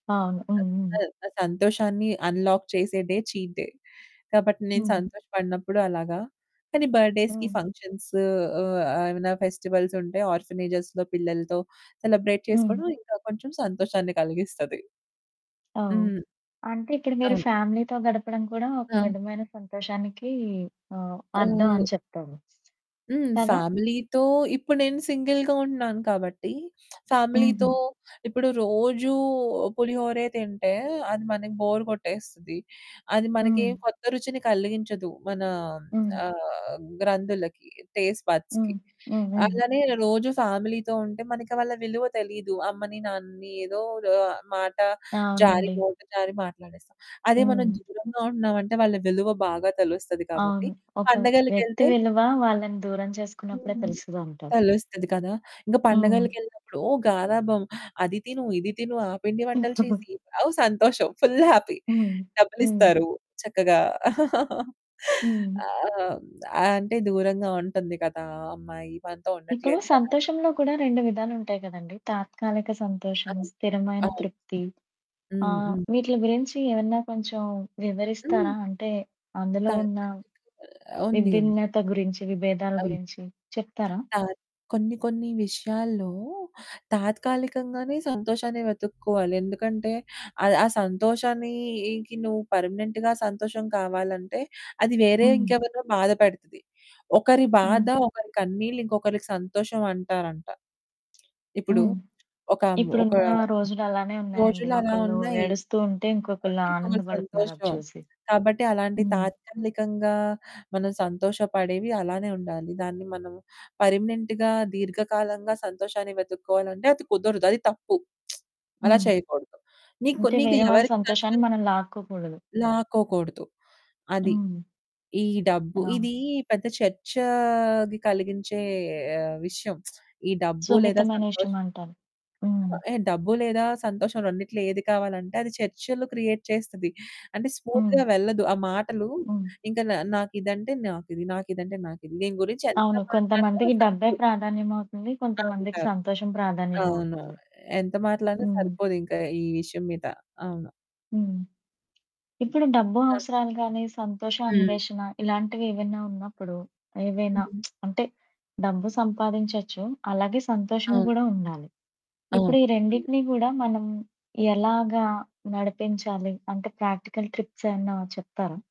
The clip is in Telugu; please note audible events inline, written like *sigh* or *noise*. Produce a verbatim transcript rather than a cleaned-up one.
అవును. స హ్మ్. హ్మ్. స సంతోషాన్ని అన్లాక్ చేసే డే చీట్ డే. కాబట్టి నేను హ్మ్. సంతోషపడినప్పుడు అలాగా, కానీ బర్త్‌డేస్‌కి హ్మ్. ఫంక్షన్సు ఆహ్, ఆహ్, ఏవైనా ఫెస్టివల్స్ ఉంటే ఆర్ఫనేజ్స్‌లో పిల్లలతో సెలబ్రేట్ హ్మ్. చేసుకోడం ఇంకా కొంచెం సంతోషాన్ని కలిగిస్తది. అవ్ హ్మ్. అంటే ఇప్పుడు మీరు అవును. ఫ్యామిలీ‌తో గడపడం కూడా ఒక ఆ! విధమైన సంతోషానికి ఆహ్, అర్థం ఆ! అని చెప్తారు. హ్మ్. కదా! ఫ్యామిలీతో ఇప్పుడు నేను సింగిల్‌గా ఉంటున్నాను కాబట్టి *smacks lips* ఫ్యామిలీతో, హుహు. ఇప్పుడు రోజూ పులిహోరే తింటే అది మనకి బోర్ కొట్టేస్తది, అది మనకేం హ్మ్. కొత్త రుచిని కలిగించదు మన హ్మ్. ఆహ్, గ్రంధులకి టేస్ట్ హ్మ్. బడ్స్‌కి. హ్మ్. హ్మ్. అలానే రోజు ఫ్యామిలీ‌తో ఉంటే మన వాళ్ళ విలువ తెలీదు. అమ్మని నాన్నని ఏదో ఆహ్, మాట జారి అవునండి. నోట జారి మాట్లాడేస్తాం. అదే మనం హ్మ్. దూరంగా ఉంటున్నామంటే, వాళ్ళ విలువ బాగా తెలుస్తది కాబట్టి అవును. ఒక వ్యక్తి పండగలకేళ్తే విలువ వాళ్ళని దూరం చేసుకున్నప్పుడే హ్మ్. తెలుస్తదంటారు. తెలుస్తది కదా! ఇంగ హ్మ్. పండగలకేళ్ళినప్పుడు. ఓ గరాబం, అది తిను, ఇది తిను, ఆ పిండి వంటలు *chuckles* చేసి అవ్ సంతోషం ఫుల్ హ్యాపీ హ్మ్. హ్మ్. డబ్బులిస్తారు చక్కగా. *chuckles* హ్మ్. ఆ! అంటే దూరంగా ఉంటుంది కదా! అమ్మాయి మనతో ఇప్పుడు ఉండట్లేదు కదా! సంతోషంలో కూడా రెండు విధాలుంటాయి కదండీ! తాత్కాలిక సంతోషం, అవును. స్థిరమైన అవును. తృప్తి, హ్మ్. ఆహ్, హ్మ్. వీట్లి గురించి ఏమన్నా కొంచెం హ్మ్. వివరిస్తారా? అంటే అందులో ఉన్న తాత్కాలికంగా ఆ! ఉంది. ఉంది. విభిన్నత గురించి, విభేదాల అవును. గురించి చెప్తారా? *smacks lips* తత్ కొన్ని కొన్ని విషయాల్లో తాత్కాలికంగానే సంతోషాన్ని వెతుక్కోవాలి. ఎందుకంటే ఆహ్, ఆ సంతోషానికి నువ్వు పర్మనెంట్‌గా సంతోషం కావాలంటే అది వేరే హ్మ్. ఇంకెవరినో బాధపడతది, ఒకరి బాధ హ్మ్. ఒకరి కన్నీళ్లు ఇంకొకరికి సంతోషం అంటారంట. ఇప్పుడు హ్మ్. ఒకం ఒక ఇప్పుడున్న రోజులలానే ఉన్నాయండి. రోజులలా ఒకళ్ళు ఉన్నాయి. ఏడుస్తూ ఉంటే, ఇంకొకళ్ళు కొట్టి ఇంకొక ఆనందబడుతున్నారు అది సంతోషం. చూసి. కాబట్టి అలాంటి హ్మ్. తాత్కాలికంగా మనం సంతోషపడేవి అలానే ఉండాలి. దాన్ని మనం పర్మనెంట్‌గా‌ దీర్ఘకాలంగా సంతోషాన్ని వెతుక్కోవాలంటే అది కుదరదు. అది తప్పు. *smacks lips* అలా హ్మ్. చేయకూడదు. నీకు అంటే కొన్నిది వేరే వాళ్ళ ఎవరికీ సంతోషాన్ని నష్టం? మనం లాక్కోకూడదు. లాక్కోకూడదు. అది. హ్మ్. ఈ డబ్బు అవును. ఇదీ పెద్ద చర్చాది కలిగించే ఆహ్, విషయం. *smacks lips* ఈ డబ్బు లేదా సున్నితమైన సంతోషం. విషయమంటాను. అవా హ్మ్. హే! డబ్బు లేదా సంతోషం రెండిట్లో ఏది కావాలంటే అది చర్చలు క్రియేట్ చేస్తది. అంటే హ్మ్. స్మూత్‌గా వెళ్ళదు. ఆ మాటలు హ్మ్. ఇంకా నా నాకిదంటే నాకిది నాకిదంటే నాకిది దీని గురించి ఎంత అవును. మాట్లాడినా కొంతమందికి డబ్బే సరిపోదు. ప్రాధాన్యమవుతుంది, కొంతమందికి అంటారు. సంతోషం అవును. ప్రాధాన్యమవుతుంది. ఎ ఎంత మాట్లాడినా హ్మ్. సరిపోదింక ఈ విషయం మీద అవును. హ్మ్. ఇప్పుడు డబ్బు తా అవసరాలు గాని సంతోష హ్మ్. అన్వేషణ ఇలాంటివేవైనా ఉన్నప్పుడు, ఏవైనా హుహు. *smacks lips* అంటే డబ్బు సంపాదించొచ్చు, అలాగే సంతోషము అవును. గూడా ఉండాలి. అవును. ఇప్పుడు ఈ ఉండా రెండిటిని గూడా మనం ఎలాగా నడిపించాలి? అంటే ప్రాక్టికల్ ట్రిప్స్ ఏమన్నా చెప్తారా?